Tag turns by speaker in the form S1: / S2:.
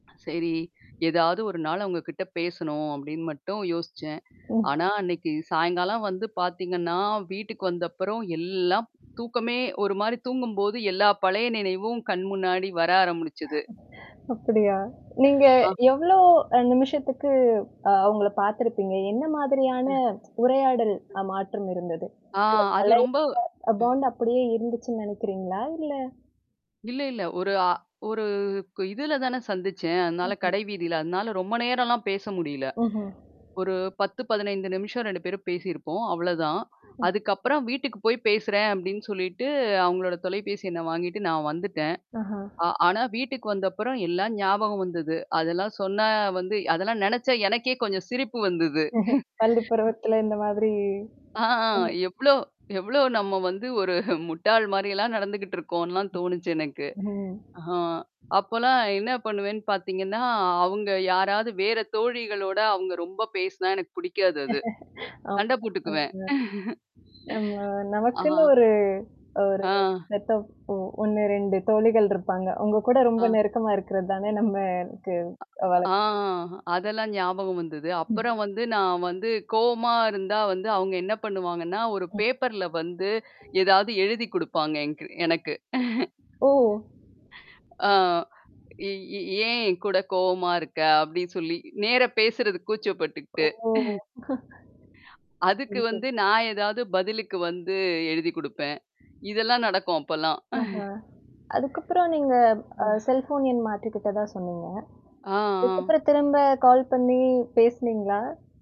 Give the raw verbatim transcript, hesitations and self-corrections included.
S1: சரி. ஏதாவது ஒரு நாள் உங்க கிட்ட பேசணும் அப்படின்னு மட்டும் யோசிச்சேன்.
S2: ஓ.
S1: ஆனா, அன்னைக்கு சாயங்காலம் வந்து பார்த்தீங்கன்னா, வீட்டுக்கு வந்தப்புறம் எல்லாம் தூக்கமே ஒரு மாரி தூங்கும்போது எல்லா பழைய நினைவும் கண் முன்னாடி வர ஆரம்பிடிச்சது.
S2: அப்படியா? நீங்க
S1: ஆ.
S2: எவ்ளோ அ நிமிஷத்துக்கு அ உங்கள பார்த்திருப்பீங்க? என்ன
S1: ம்.
S2: மாதிரியான உரையாடல்
S1: ம்.
S2: அ மாற்றம் இருந்தது? [unintelligible] அந்த
S1: ஆ அது
S2: பழய
S1: ரொம்ப அ.
S2: பாண்ட் அப்படியே இருந்துச்சுன்னு நினைக்கிறீங்களா? இல்ல.
S1: இல்ல இல்ல. ஒரு அ ஒரு இதுல தானே சந்திச்சேன். அதனால
S2: ம், ம்.
S1: கடை வீதியில. அதனால ரொம்ப நேரம்லாம் பேச முடியல.
S2: ஓஹோ!
S1: ஒரு பத்து, பதனைந்து நிமிஷம் ரெண்டு பேரும் பேசியிருப்போம். அவ்வளோதான்.
S2: ம்.
S1: அதுக்கப்புறம் வீட்டுக்கு போய் பேசுறேன் அப்டின்னு சொல்லிட்டு அவங்களோட தொலைபேசி எண்ண வாங்கிட்டு நான் வந்துட்டேன்.
S2: ஆஹா.
S1: அ ஆனா வீட்டுக்கு வந்தப்புறம் எல்லாம் ஞாபகம் வந்தது. அதெல்லாம் சொன்னா வந்து அதெல்லாம் நினச்சா எனக்கே கொஞ்சம் சிரிப்பு வந்தது.
S2: பள்ளி பருவத்தில இந்த மாதிரி [unintelligible] ம்.
S1: ஆ எவ்ளோ எவ்ளோ நம்ம வந்து ஒரு முட்டாள் மாரிலாம் நடந்துகிட்டு இருக்கோன்லாம்
S2: ம்.
S1: தோணுச்சு எனக்கு.
S2: ஓ
S1: ஆ அப்போலாம் என்ன பண்ணுவேன்னு பார்த்தீங்கன்னா, அவங்க யாராவது வேற தோழிகளோட அவங்க ரொம்ப பேசினா எனக்கு பிடிக்காது அது.
S2: ஆமா.
S1: சண்டை போட்டுக்குவேன்.
S2: ம். நம நமக்குன்னு
S1: அ.
S2: ஒரு ஒரு
S1: ஆ.
S2: மத்தப் ஒ ஒண்ணு ரெண்டு தோழிகள் இருப்பாங்க. உங்க கூட ரொம்ப
S1: ஆ.
S2: நெருக்கமா இருக்கிறது தானே நம்மக்கு
S1: அ ஆ.
S2: வழக்கம்.
S1: அதெல்லாம் ஞாபகம் வந்தது. அப்புறம்
S2: ம்ஹம்.
S1: வந்து நான் வந்து கோவமா இருந்தா வந்து அவங்க என்ன பண்ணுவாங்கன்னா, ஒரு
S2: ம்.
S1: பேப்பர்ல வந்து ஏதாவது எழுதி் குடுப்பாங்க என்கு எனக்கு.
S2: [unintelligible] ஓ!
S1: ஆ. இ இ "ஏன் என்கூட கோவமா இருக்க" அப்டின்னு சொல்லி நேரா பேசுறது
S2: ஓ!
S1: கூச்சப்பட்டுக்கிட்டு. அதுக்கு
S2: [unintelligible]
S1: வந்து நான் ஏதாவது பதிலுக்கு வந்து எழுதி் குடுப்பேன். இதெல்லாம் நடக்கும் அப்பல்லாம்.
S2: ஆஹா! அதுக்கப்புறம் நீங்க அ
S1: ம்.
S2: செல்ஃபோன் எண் மாற்று கிட்ட தான் சொன்னீங்க.
S1: ஆ, ஆ.
S2: அதுக்கப்புறம் திரும்ப கால் பண்ணி பேசினீங்களா?